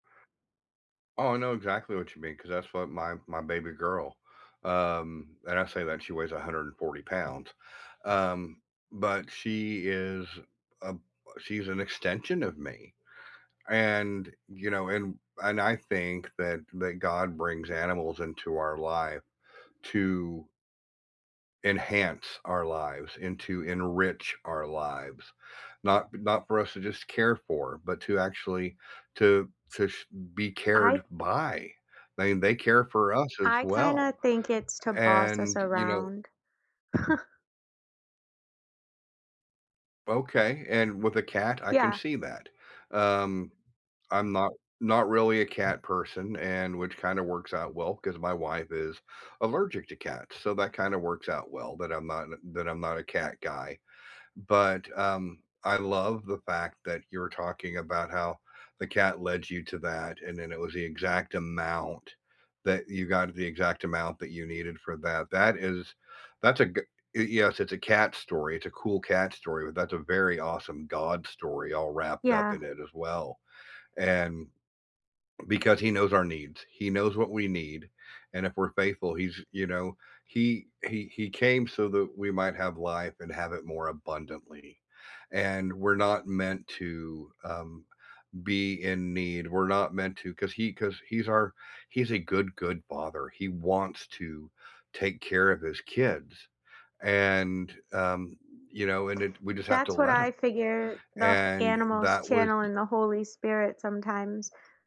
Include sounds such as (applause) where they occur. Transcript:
Oh, I know exactly what you mean, 'cause that's what my my baby girl, um, and I say that, she weighs 140 pounds, um, but she is a a she's an extension of me. And, you know, and and I think that that God brings animals into our life to enhance our lives, and to enrich our lives, not not for us to just care for, but to actually to to sh be I cared by. They they care for us as I kinda well. think it's to boss us And, you know around. (chuckles) Okay, and with a cat, I can Yeah. see that. Um, I'm not not really a cat person, and which kinda works out well, 'cause my wife is allergic to cats, so that kinda works out well, that I'm not th that I'm not a cat guy, but, um, I love the fact that you're talking about how the cat led you to that, and then it was the exact amount that you got the exact amount that you needed for that, that is that's a goo uh, yes, it's a cat story, it's a cool cat story, but that's a very awesome God story all wrapped up Yeah. in it as well, and because he knows our needs. He knows what we need, and if we're faithful, he's you know, he he he came so that we might have life, and have it more abundantly, and we're not meant to, um, be in need, we're not meant to 'cause he 'cause he's our he's a good, good Father. He wants to take care of his kids, and, um, you know, and it we just have to That's what let I him. figure, the And, animals that was y channeling the Holy Spirit sometimes.